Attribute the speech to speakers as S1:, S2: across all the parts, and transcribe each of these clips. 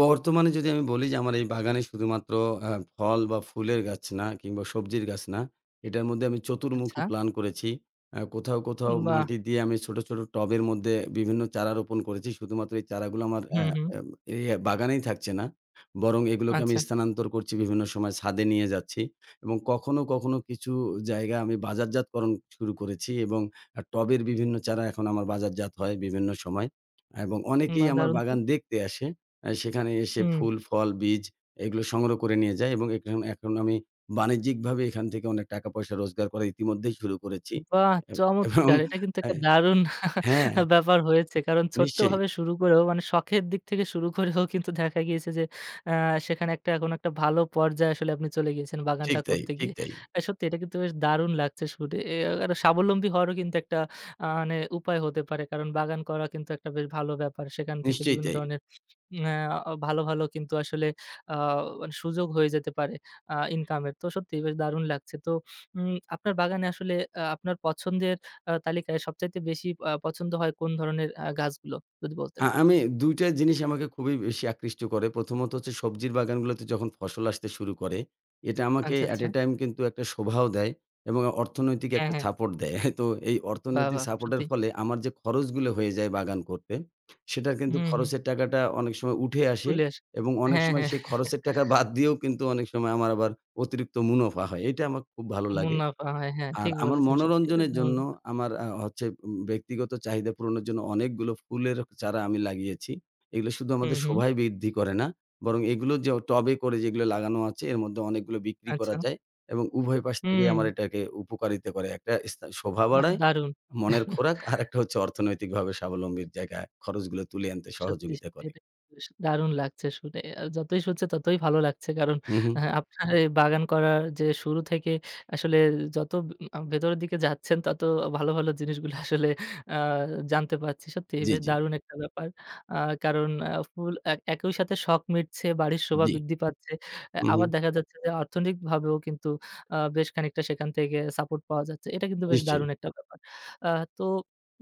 S1: বর্তমানে যদি আমি বলি যে আমার এই বাগানে শুধুমাত্র আ ফল বা ফুলের গাছ না, কিংবা সবজির গাছ না, এটার মধ্যে আমি চতুর্মুখী
S2: আচ্ছা।
S1: প্ল্যান করেছি। আ কোথাও,
S2: উ
S1: কোথাও
S2: বাহ!
S1: মাটি দিয়ে আমি ছোটো, ছোটো টবের মধ্যে বিভিন্ন চারা রোপণ করেছি শুধুমাত্র এই চারাগুলো আমার আ
S2: হুম, হুম।
S1: এ এই বাগানেই থাকছে না। বরং এগুলোকে আমি
S2: আচ্ছা।
S1: স্থানান্তর করছি বিভিন্ন সময় ছাদে নিয়ে যাচ্ছি। এবং কখনো, কখনো কিছু জায়গায় আমি বাজারজাতকরণ শুরু করেছি এবং টবের বিভিন্ন চারা এখন আমার বাজারজাত হয় বিভিন্ন সময় এবং অনেকেই
S2: বাহ!
S1: আমার
S2: দারুণ তো।
S1: বাগান দেখতে আসে। আ সেখানে এসে
S2: হুম।
S1: ফুল ফল বীজ এগুলো সংগ্রহ করে নিয়ে যায়। এবং এখ এখন আমি বাণিজ্যিকভাবে এখান থেকে অনেক টাকা পয়সা রোজগার করা ইতিমধ্যেই শুরু করেছি।
S2: বাহ!
S1: এব এবং
S2: চমৎকার। এটা কিন্তু
S1: আ
S2: একটা দারুন
S1: হ্যাঁ।
S2: ব্যাপার হয়েছে। কারণ
S1: নিশ্চয়ই।
S2: ছোট্টভাবে শুরু করেও, মানে শখের দিক থেকে শুরু করেও কিন্তু দেখা গিয়েছে যে, আ সেখানে এখন একটা ভালো পর্যায়ে আসলে আপনি চলে গিয়েছেন
S1: ঠিক
S2: বাগানটা
S1: তাই
S2: করতে
S1: ঠিক
S2: গিয়ে।
S1: তাই
S2: আ সত্যি এটা কিন্তু বেশ দারুণ লাগছে শুদে এ আ এটা স্বাবলম্বী হওয়ারও কিন্তু একটা আ মানে উপায় হতে পারে। কারণ বাগান করা কিন্তু একটা বেশ ভালো ব্যাপার। সেখান থেকে
S1: নিশ্চয়ই
S2: বিভিন্ন
S1: তাই।
S2: ধরনের নেআ ভালো, ভালো, কিন্তু আসলে আ মানে সুযোগ হয়ে যেতে পারে আ ইনকাম এর। তো সত্যিই দারুণ লাগছে। তো উম আপনার বাগানে আসলে আ আপনার পছন্দের আ তালিকায় সবচাইতে বেশি আ পছন্দ হয় কোন ধরণের আ গাছগুলো? যদি বলতেন?
S1: হ্যাঁ, আমি ২ টা জিনিস আমাকে খুবই বেশি আকৃষ্ট করে। প্রথমত হচ্ছে সবজির বাগানগুলোতে যখন ফসল আসতে শুরু করে। এটা আমাকে
S2: আচ্ছা,
S1: অ্যাট
S2: আচ্ছা।
S1: এ টাইম কিন্তু একটা শোভাও দেয় এবং অর্থনৈতিক
S2: হ্যাঁ,
S1: একটা
S2: হ্যাঁ।
S1: সাপোর্ট দেয়। তো এই
S2: বাহ!
S1: অর্থনৈতিক
S2: বাহ!
S1: সাপোর্টের
S2: সত্যি।
S1: ফলে আমার যে খরচগুলো হয়ে যায় বাগান করতে। সেটার
S2: উ,
S1: কিন্তু
S2: হুম।
S1: খরচের টাকাটা অনেক সময় উঠে আসে
S2: ফুলেস
S1: এবং অনেক
S2: হ্যাঁ,
S1: সময়
S2: হ্যাঁ।
S1: সেই খরচের টাকা বাদ দিয়েও কিন্তু অনেক সময় আমার আবার অতিরিক্ত মুনাফা হয়। এইটা আমাক খুব ভালো লাগে।
S2: মুনাফা হয়, হ্যাঁ,
S1: আর
S2: ঠিক
S1: আমার
S2: বলেছেন সত্যি এটা
S1: মনোরঞ্জনের
S2: দারুন
S1: জন্য
S2: ব্যাপার।
S1: আমার আ হচ্ছে উম ব্যক্তিগত চাহিদা পূরণের জন্য অনেকগুলো ফুলের চারা আমি লাগিয়েছি। এগুলো শুধু
S2: হুম,
S1: আমাদের
S2: হুম।
S1: শোভায় বৃদ্ধি করে না, বরং এগুলো যে টবে করে যেগুলো লাগানো আছে এর মধ্যে অনেকগুলো বিক্রি করা
S2: আচ্ছা।
S1: যায়। এবং উভয় পাশ থেকেই
S2: হুম।
S1: আমার এটাকে উপকারিতা করে। একটা এস শোভা
S2: বাহ!
S1: বাড়ায়
S2: দারুণ।
S1: মনের খোরাক, আরেকটা হচ্ছে অর্থনৈতিকভাবে স্বাবলম্বীর জায়গায় খরচগুলো তুলে আনতে
S2: সত্যি,
S1: সহযোগিতা
S2: সত্যি,
S1: করে।
S2: এটা কিন্তু বেশ দারুণ লাগছে শুনে আ যতই শুনছে ততই ভালো লাগছে। কারণ
S1: উঁহুঁ।
S2: আ আপনার এই বাগান করার যে শুরু থেকে আসলে যত উ আ ভেতরের দিকে যাচ্ছেন তত ভালো, ভালো, জিনিসগুলো আসলে আ জানতে পারছি। সত্যি
S1: জ্বি,
S2: বেশ
S1: জ্বি।
S2: দারুণ একটা ব্যাপার। আ কারণ আ ফুল এক একই সাথে শখ মিটছে, বাড়ির শোভা
S1: জ্বি।
S2: বৃদ্ধি পাচ্ছে। আ
S1: উঁহুঁ।
S2: আবার দেখা যাচ্ছে যে, অর্থনৈতিকভাবেও কিন্তু আ বেশ খানিকটা সেখান থেকে সাপোর্ট পাওয়া যাচ্ছে। এটা কিন্তু বেশ
S1: নিশ্চয়ই।
S2: দারুণ একটা ব্যাপার। আ তো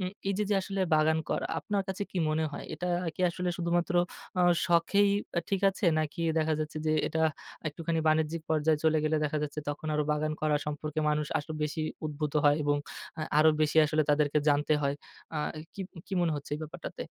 S2: উম এই যে, যে, আসলে বাগান করা আপনার কাছে কি মনে হয়? এটা কি আসলে শুধুমাত্র আ শখেই আ ঠিক আছে নাকি দেখা যাচ্ছে যে, এটা একটুখানি বাণিজ্যিক পর্যায়ে চলে গেলে দেখা যাচ্ছে তখন আরো বাগান করা সম্পর্কে মানুষ আরো বেশি উদ্ভূত হয় এবং আ আরো বেশি আসলে তাদেরকে জানতে হয়। আ কি কি, মনে হচ্ছে এই ব্যাপারটাতে?